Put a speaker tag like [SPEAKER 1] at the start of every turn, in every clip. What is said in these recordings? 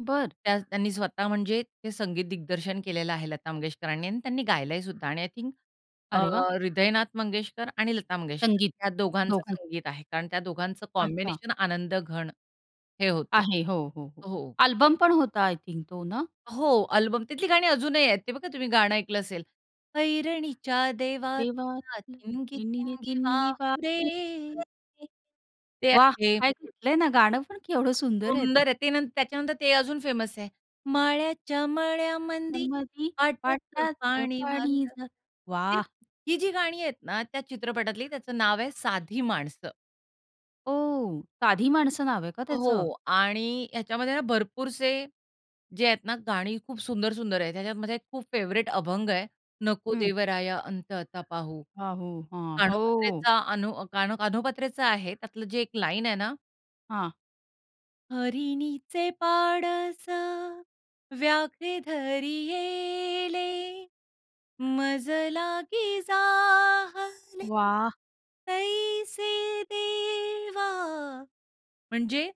[SPEAKER 1] बरं.
[SPEAKER 2] त्या त्यांनी स्वतः म्हणजे ते संगीत दिग्दर्शन केलेलं आहे लता मंगेशकरांनी आणि त्यांनी गायलंयसुद्धा आणि आय थिंक अ,
[SPEAKER 1] अरे वाह!
[SPEAKER 2] हृदयनाथ मंगेशकर आणि लता मंगेशकर
[SPEAKER 1] संगीत
[SPEAKER 2] या दोघांचं
[SPEAKER 1] दोघां
[SPEAKER 2] संगीत आहे. कारण त्या दोघांचं
[SPEAKER 1] अच्छा.
[SPEAKER 2] कॉम्बिनेशन आनंदघण हे होतं.
[SPEAKER 1] आहे. हो, हो. हो.
[SPEAKER 2] हो.
[SPEAKER 1] अल्बम पण होता आय थिंक तो ना?
[SPEAKER 2] हो, अल्बम. तिथली गाणी अजूनही आहेत, ते बघा तुम्ही गाणं ऐकलं असेल, ऐरणीच्या देवा
[SPEAKER 1] देवा
[SPEAKER 2] तुला ठिणगी
[SPEAKER 1] ठिणगी
[SPEAKER 2] ठिणगी
[SPEAKER 1] ठिणगी
[SPEAKER 2] वाहू
[SPEAKER 1] वाहू
[SPEAKER 2] दे.
[SPEAKER 1] दे.
[SPEAKER 2] ते
[SPEAKER 1] वाह!
[SPEAKER 2] आहे.
[SPEAKER 1] काय घेतलय ना, गाणं पण केवढं सुंदर आहे ते.
[SPEAKER 2] सुंदर आहे. ते न त्याच्यानंतर ते अजून फेमस आहे. माळ्याच्या मळ्यामंदी
[SPEAKER 1] मळ्यामंदी
[SPEAKER 2] पाटाचं
[SPEAKER 1] पाटाचं
[SPEAKER 2] पानी
[SPEAKER 1] पानी
[SPEAKER 2] जातं.
[SPEAKER 1] जातं.
[SPEAKER 2] ती
[SPEAKER 1] वाह!
[SPEAKER 2] ही जी गाणी आहेत ना, त्या चित्रपटातली त्याचं नाव आहे, साधी माणसं.
[SPEAKER 1] ओह! साधी माणसं नाव आहे का त्याचं.
[SPEAKER 2] हो आणि ह्याच्यामध्ये ना, भरपूरसे जे आहेत ना, गाणी खूप सुंदर-सुंदर आहेत. ह्याच्यात माझा एक खूप फेव्हरेट अभंग आहे. नको
[SPEAKER 1] हं.
[SPEAKER 2] देवराया अंत आता पाहू.
[SPEAKER 1] हां. हो. हां. हो.
[SPEAKER 2] कानोपात्रेचा अनो, कानो कान्होपात्रा आहे, त्यातलं जे एक लाईन आहे ना
[SPEAKER 1] हां.
[SPEAKER 2] हरिणीचे पाडस व्याघ्रे धरियेले, मजलागी जाहले
[SPEAKER 1] वाह!
[SPEAKER 2] तैसे देवा. म्हणजे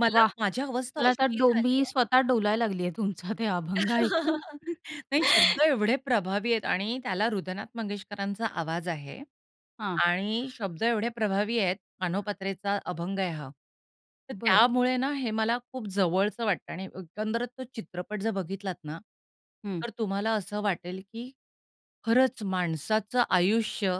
[SPEAKER 2] मला
[SPEAKER 1] वाह!
[SPEAKER 2] माझी अवस्था
[SPEAKER 1] मला आता
[SPEAKER 2] अशी
[SPEAKER 1] डोंबि
[SPEAKER 2] झाली आहे.
[SPEAKER 1] स्वतः डोलायला लागलीये तुमचा ते अभंग ऐकून.
[SPEAKER 2] नाही, शब्द एवढे प्रभावी आहेत आणि त्याला हृदयनाथ मंगेशकरांचा आवाज आहे
[SPEAKER 1] हां.
[SPEAKER 2] आणि शब्द एवढे प्रभावी आहेत. कान्होपात्राचा अभंग आहे हा. तर
[SPEAKER 1] बरं.
[SPEAKER 2] त्यामुळे ना, हे मला खूप जवळचं वाटतं. आणि एकंदर तो चित्रपट जर बघितलात ना,
[SPEAKER 1] हं.
[SPEAKER 2] तर तुम्हाला असं वाटेल की खरंच माणसाचं आयुष्य